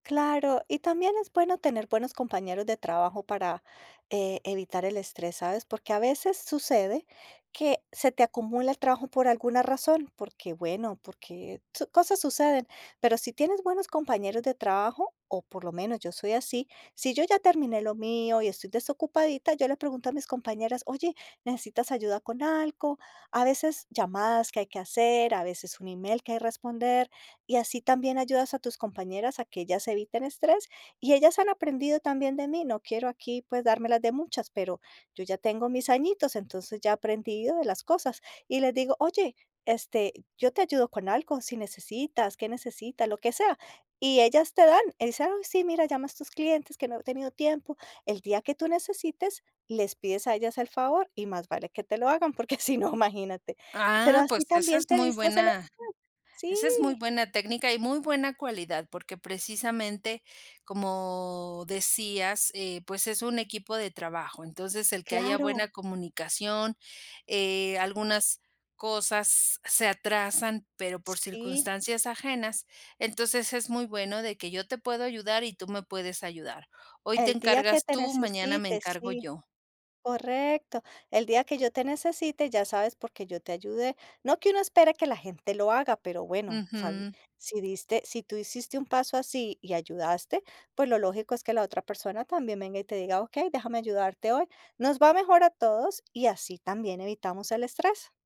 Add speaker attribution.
Speaker 1: Claro, y también es bueno tener buenos compañeros de trabajo para e evitar el estrés, ¿sabes? Porque a veces sucede que se te acumula el trabajo por alguna razón, porque, bueno, porque su cosas suceden, pero si tienes buenos compañeros de trabajo, o por lo menos yo soy así. Si yo ya terminé lo mío y estoy desocupadita, yo le pregunto a mis compañeras: "Oye, ¿necesitas ayuda con algo?" A veces llamadas que hay que hacer, a veces un email que hay responder, y así también ayudas a tus compañeras a que ellas eviten estrés. Y ellas han aprendido también de mí, no quiero aquí, pues, dármelas de muchas, pero yo ya tengo mis añitos, entonces ya he aprendido de las cosas. Y les digo: "Oye, este, yo te ayudo con algo, si necesitas, ¿qué necesita?, lo que sea". Y ellas te dan, y dicen: "Ay, sí, mira, llama a estos clientes que no he tenido tiempo". El día que tú necesites, les pides a ellas el favor, y más vale que te lo hagan, porque si no, imagínate. Pero
Speaker 2: Ah,
Speaker 1: así
Speaker 2: pues, esa
Speaker 1: también
Speaker 2: es
Speaker 1: te
Speaker 2: muy
Speaker 1: vistes el
Speaker 2: buena
Speaker 1: estrés,
Speaker 2: esa es muy
Speaker 1: sí.
Speaker 2: buena técnica y muy buena cualidad, porque precisamente, como decías, eh, pues, es un equipo de trabajo, entonces el que haya
Speaker 1: Claro.
Speaker 2: buena comunicación, eh, algunas cosas se atrasan, pero por
Speaker 1: Sí.
Speaker 2: circunstancias ajenas, entonces es muy bueno de que yo te puedo ayudar y tú me puedes ayudar. Hoy te
Speaker 1: El día que
Speaker 2: encargas
Speaker 1: te
Speaker 2: tú, mañana me
Speaker 1: necesite,
Speaker 2: encargo
Speaker 1: sí,
Speaker 2: yo.
Speaker 1: correcto. El día que yo te necesite, ya sabes, porque yo te ayudé. No que uno espere que la gente lo haga, pero bueno, sabi
Speaker 2: Ujú.
Speaker 1: si diste, si tú hiciste un paso así y ayudaste, pues, lo lógico es que la otra persona también venga, y te diga: "Okey, déjame ayudarte hoy". Nos va mejor a todos y así también evitamos el estrés.